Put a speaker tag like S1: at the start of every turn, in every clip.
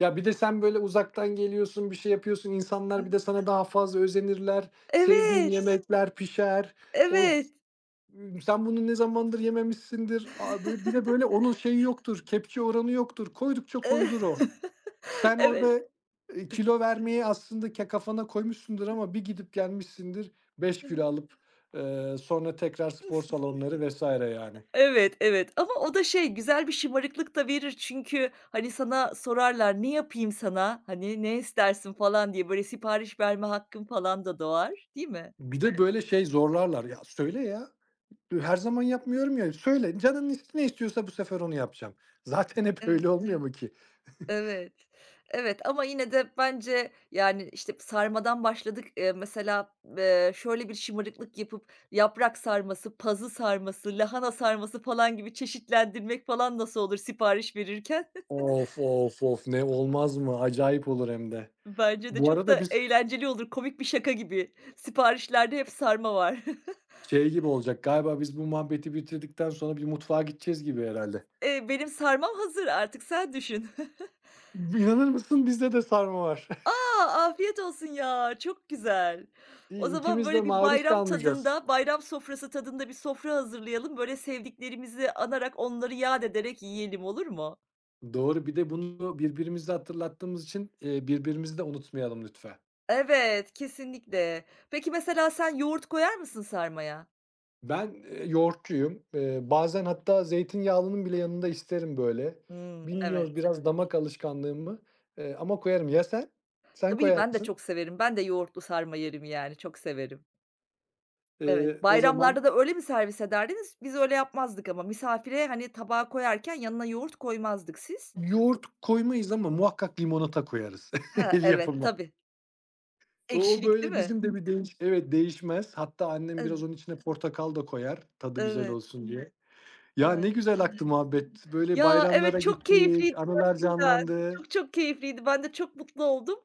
S1: Ya, birde, sen böyle uzaktan geliyorsun, bir şey yapıyorsun,
S2: Hı
S1: insanlar bir de
S2: hı.
S1: sana daha fazla özenirler, sevdiğin
S2: Evet.
S1: yemekler pişer. Of,
S2: Evet.
S1: ımm, sen bunu ne zamandır yememişsindir. Abi, böyle, bir de, böyle, onun şeyi yoktur, kepçe oranı yoktur, koydukça
S2: Eee
S1: koyulur o. Sen orada,
S2: Evet.
S1: ııı, kilo vermeyi aslında ke kafana koymuşsundur
S2: [unintelligible]
S1: ama bir gidip gelmişsindir 5
S2: Hı
S1: kilo
S2: hı.
S1: alıp, ııı, sonra tekrar spor salonları vs. yani.
S2: Evet, evet. Ama o da şey, güzel bir şımarıklık da verir, çünkü, hani, sana sorarlar, "Ne yapayım sana, hani, ne istersin?" falan diye. Böyle, sipariş verme hakkın falan da doğar, değil mi?
S1: Bir de böyle, şey zorlarlar. Ya "Söyle ya! Her zaman yapmıyorum ya, söyle, canın ne is istiyorsa bu sefer onu yapacağım." Zaten hep öyle
S2: Evet.
S1: olmuyor mu ki?
S2: Evet. Evet, ama yine de, bence, yani, işte, sarmadan başladık. Iıı, mesela, ııı, şöyle bir şımarıklık yapıp, yaprak sarması, pazı sarması, lahana sarması falan gibi çeşitlendirmek falan, nasıl olur sipariş verirken?
S1: Of, of, of. Ne olmaz mı? Acayip olur hem de.
S2: Bence de
S1: Bu
S2: çok
S1: arada
S2: da
S1: biz
S2: eğlenceli olur. Komik bir şaka gibi. Siparişlerde hep sarma var.
S1: şey gibi olacak, galiba biz bu muhabbeti bitirdikten sonra bir mutfağa gideceğiz gibi herhâlde.
S2: Eee, benim sarmam hazır, artık sen düşün.
S1: B inanır mısın bizde de sarma var.
S2: A! Afiyet olsun ya. Çok güzel. O
S1: İyi
S2: zaman,
S1: ikimiz de
S2: böyle bir
S1: maruz
S2: bayram
S1: kalmayacağız.
S2: tadında, bayram sofrası tadında, bir sofra hazırlayalım. Böyle, sevdiklerimizi anarak, onları yâd ederek yiyelim olur mu?
S1: Doğru, bir de bunu birbirimize hatırlattığımız için, iii, birbirimizi de unutmayalım lütfen.
S2: Evet, kesinlikle! Peki, mesela sen yoğurt koyar mısın sarmaya?
S1: Ben, eee, yoğurtçuyum. Eee, bazen, hatta zeytinyağlının bile yanında isterim böyle.
S2: Hıı.
S1: Bilmiyorum
S2: Evet.
S1: biraz damak alışkanlığım mı? Eee, ama koyarım. Ya sen? Sen
S2: Tabii,
S1: koyar
S2: ben de
S1: mısın?
S2: çok severim. Ben de yoğurtlu sarma yerim yani. Çok severim.
S1: Iıı,
S2: Evet.
S1: o
S2: Bayramlarda
S1: zaman
S2: da öyle mi servis ederdiniz? Biz öyle yapmazdık ama. Misafire, hani, tabağı koyarken, yanına yoğurt koymazdık, siz?
S1: Yoğurt koymayız ama muhakkak limonata koyarız.
S2: Ha.
S1: El
S2: Evet.
S1: yapımı.
S2: Tabii.
S1: O
S2: Ekşilik değil
S1: böyle
S2: mi?
S1: bizim de bir değiş evet değişmez. Hatta, annem biraz
S2: [unintelligible]
S1: onun içine portakal da koyar, tadı güzel
S2: Evet.
S1: olsun diye. Ya, ne
S2: Ay, anladım.
S1: güzel aktı muhabbet, böyle
S2: Ya, evet
S1: bayramlara
S2: çok
S1: gittik,
S2: keyifliydi
S1: anılar
S2: gerçekten!
S1: canlandı.
S2: Çok, çok keyifliydi. Ben de çok mutlu oldum.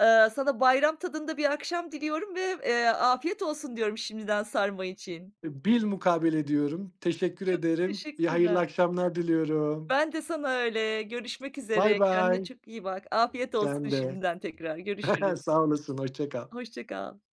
S2: Iıı, sana bayram tadında bir akşam diliyorum ve, eee, afiyet olsun diyorum şimdiden sarma için.
S1: Bilmukabele diyorum. Teşekkür
S2: Çok
S1: ederim, iy hayırlı
S2: teşekkürler.
S1: akşamlar diliyorum.
S2: Ben de sana öyle. Görüşmek
S1: Bay
S2: üzere. Kendine
S1: bay.
S2: çok iyi bak. Afiyet
S1: Sen
S2: olsun
S1: de.
S2: şimdiden tekrar. Görüşürüz.
S1: Sağ olasın, hoşça kal!
S2: Hoşça kal.